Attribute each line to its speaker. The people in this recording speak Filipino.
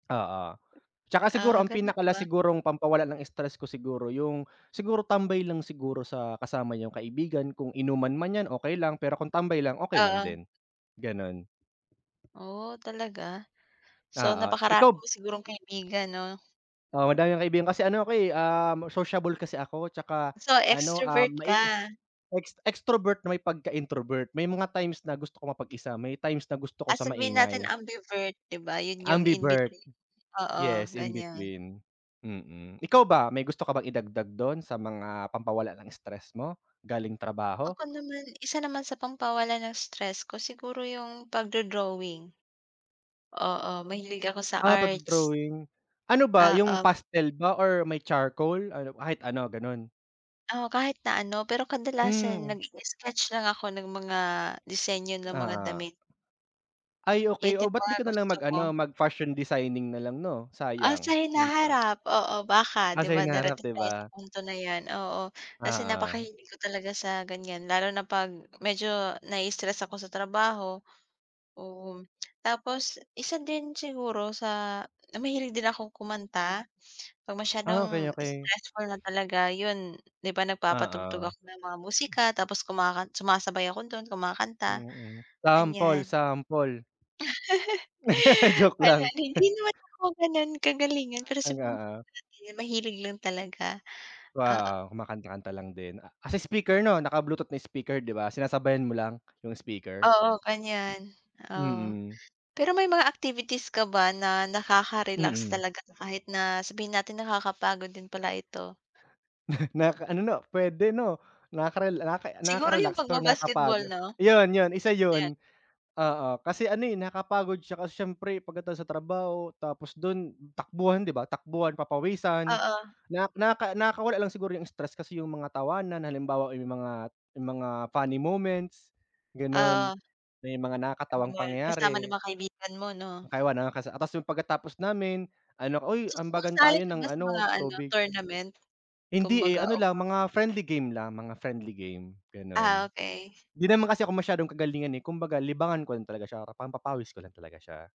Speaker 1: Oo. Tsaka siguro
Speaker 2: Ah,
Speaker 1: ang
Speaker 2: ganiyan ba?
Speaker 1: pinaka-last sigurong pampawala ng stress ko siguro yung siguro tambay lang siguro sa kasama yung kaibigan. Kung inuman man 'yan, okey lang. Pero kung tambay lang, okey lang
Speaker 2: Oo.
Speaker 1: din, gano'n.
Speaker 2: Oh, talaga? So,
Speaker 1: Oo,
Speaker 2: napakarami
Speaker 1: ikaw
Speaker 2: mo sigurong kaibigan 'no?
Speaker 1: Oo, madami akong kaibigan kasi ano ako, eh, sociable kasi ako. Tsaka
Speaker 2: So,
Speaker 1: ano, ah,
Speaker 2: extrovert
Speaker 1: mai
Speaker 2: ka?
Speaker 1: ex extrovert na may pagka-introvert. May mga times na gusto kong mapag-isa, may times na gusto ko
Speaker 2: Ah,
Speaker 1: sa
Speaker 2: sabihin natin
Speaker 1: maingay.
Speaker 2: ambivert. 'Di ba yun yung in
Speaker 1: Ambivert.
Speaker 2: between? Oo,
Speaker 1: Yes, in
Speaker 2: ganiyan.
Speaker 1: between, mm. Ikaw ba, may gusto ka bang idagdag do'n sa mga pampawala ng stress mo galing trabaho?
Speaker 2: Ako naman, isa naman sa pampawala ng stress ko, siguro yung pagdo-drawing. Oo, mahilig ako sa
Speaker 1: Ah,
Speaker 2: arts.
Speaker 1: pagdo-drawing. Ano ba, yung
Speaker 2: Oo.
Speaker 1: pastel ba or may charcoal? Ano, kahit ano, gano'n?
Speaker 2: O, kahit na ano, pero kadalasan
Speaker 1: Hmm.
Speaker 2: nag-i-sketch lang ako ng mga disenyo ng mga
Speaker 1: Ah.
Speaker 2: damit.
Speaker 1: Ay,
Speaker 2: 'Yan
Speaker 1: okey. Oh,
Speaker 2: din
Speaker 1: ba't
Speaker 2: mga
Speaker 1: 'di ka na lang
Speaker 2: gusto
Speaker 1: mag-ano,
Speaker 2: ko.
Speaker 1: mag-fashion designing na lang 'no,
Speaker 2: Ah, sa
Speaker 1: sayang. Yun pa.
Speaker 2: hinaharap, oo, baka.
Speaker 1: Ah,
Speaker 2: 'Di
Speaker 1: sa
Speaker 2: ba
Speaker 1: hinaharap,
Speaker 2: darating
Speaker 1: 'di
Speaker 2: tayo sa
Speaker 1: ba?
Speaker 2: punto na 'yan, oo. Kasi
Speaker 1: Oo.
Speaker 2: napakahilig ko talaga sa ganiyan, lalo na 'pag medyo nai-stress ako sa trabaho, oo. Tapos isa din siguro sa na mahilig din akong kumanta, 'pag
Speaker 1: Ah, okey,
Speaker 2: masyadong
Speaker 1: okey.
Speaker 2: stressful na talaga, yun, 'di ba nagpapatugtog
Speaker 1: Oo.
Speaker 2: ako ng mga musika tapos kumakan sumasabay ako dun, kumakanta,
Speaker 1: Mm. Sample,
Speaker 2: ganiyan.
Speaker 1: sample. Joke lang.
Speaker 2: Ayan, hindi naman ako gano'n kagalingan, pero
Speaker 1: Talaga,
Speaker 2: sabihin na
Speaker 1: ah.
Speaker 2: natin mahilig lang talaga, oo.
Speaker 1: Wow, kumakanta-kanta lang din. Kasi speaker 'no, naka bluetooth na speaker, 'di ba? Sinasabayan mo lang, yung speaker?
Speaker 2: Oo, ganiyan, oo.
Speaker 1: Mm.
Speaker 2: Pero may mga activities ka ba na nakaka-relax
Speaker 1: Mm.
Speaker 2: talaga kahit na, sabihin natin nakakapagod din pala ito?
Speaker 1: Nakaka-ano 'no, puwede 'no. Nakakarela naka
Speaker 2: Siguro
Speaker 1: nakaka-relax,
Speaker 2: yung
Speaker 1: pero
Speaker 2: pagba-basketball
Speaker 1: nakakapagod.
Speaker 2: 'no,
Speaker 1: Yun yun, isa
Speaker 2: 'yan.
Speaker 1: yun, oo. Kasi ano, eh, nakakapagod siya kasi siyempre pagkatapos sa trabaho tapos dun takbuhan, 'di ba? Takbuhan, papawisan
Speaker 2: Oo.
Speaker 1: nak naka nakakawala lang siguro yung stress kasi yung mga tawanan. Halimbawa, yung mga yung mga funny moments gano'n,
Speaker 2: Oo.
Speaker 1: may mga
Speaker 2: Ah,
Speaker 1: nakakatawang
Speaker 2: gumala kasama nung
Speaker 1: pangyayari.
Speaker 2: mga kaibigan mo 'no.
Speaker 1: I wanna. Kasi, ah, ta's yung pagkatapos namin ano, uy,
Speaker 2: So,
Speaker 1: ambagan
Speaker 2: sumasali
Speaker 1: tayo
Speaker 2: ka
Speaker 1: ng
Speaker 2: ba sa mga
Speaker 1: ano,
Speaker 2: ano,
Speaker 1: tubig.
Speaker 2: tournament
Speaker 1: Hindi, eh.
Speaker 2: kumbaga
Speaker 1: Ano lang,
Speaker 2: [unintelligible]
Speaker 1: mga friendly game lang, mga friendly game,
Speaker 2: Ah,
Speaker 1: ganun.
Speaker 2: okey.
Speaker 1: 'Di naman kasi ako masyadong kagalingan, eh, kumbaga libangan ko lang talaga siya, pampapawis ko lang talaga siya.